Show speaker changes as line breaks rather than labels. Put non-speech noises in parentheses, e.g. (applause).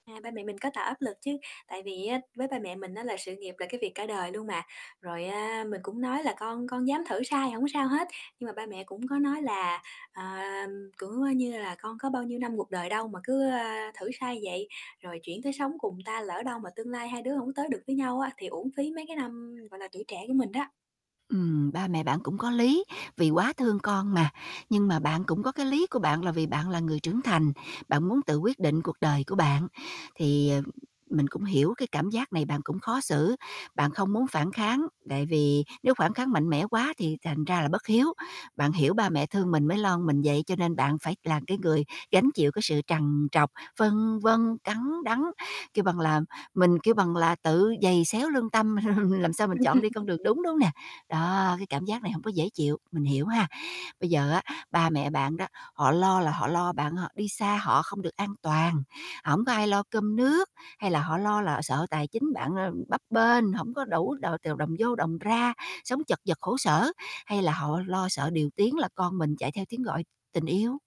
À, ba mẹ mình có tạo áp lực chứ, tại vì á, với ba mẹ mình á, là sự nghiệp là cái việc cả đời luôn mà. Rồi á, mình cũng nói là "Con con dám thử sai, hổng có sao hết," nhưng mà ba mẹ cũng có nói là, à, cũng như là "Con có bao nhiêu năm cuộc đời đâu mà cứ, a, thử sai vậy? Rồi chuyển tới sống cùng người ta lỡ đâu mà tương lai hai đứa hổng tới được với nhau á thì uổng phí mấy cái năm, gọi là, tuổi trẻ của mình đó."
Ừm, ba mẹ bạn cũng có lý, vì quá thương con mà. Nhưng mà bạn cũng có cái lý của bạn là vì bạn là người trưởng thành, bạn muốn tự quyết định cuộc đời của bạn. Thì, ờ, mình cũng hiểu cái cảm giác này bạn cũng khó xử, bạn không muốn phản kháng, tại vì nếu phản kháng mạnh mẽ quá thì thành ra là bất hiếu. Bạn hiểu ba mẹ thương mình mới lo mình vậy cho nên bạn phải là cái người gánh chịu cái sự trằn trọc, phân vân, cắn đắng, kêu bằng là, mình, kêu bằng là, tự giày xéo lương tâm (chuckles) làm sao mình chọn đi con
Ừm.
đường đúng, đúng hông nè? Đó, cái cảm giác này hông có dễ chịu, mình hiểu ha. Bây giờ á, ba mẹ bạn đó họ lo là họ lo bạn h đi xa họ không được an toàn, hổng có ai lo cơm nước? Hay là họ lo là họ sợ tài chính bạn, ờ, bấp bênh, hổng có đủ đ t đồng vô đồng ra, sống chật vật khổ sở? Hay là họ lo sợ điều tiếng là con mình chạy theo tiếng gọi tình yêu?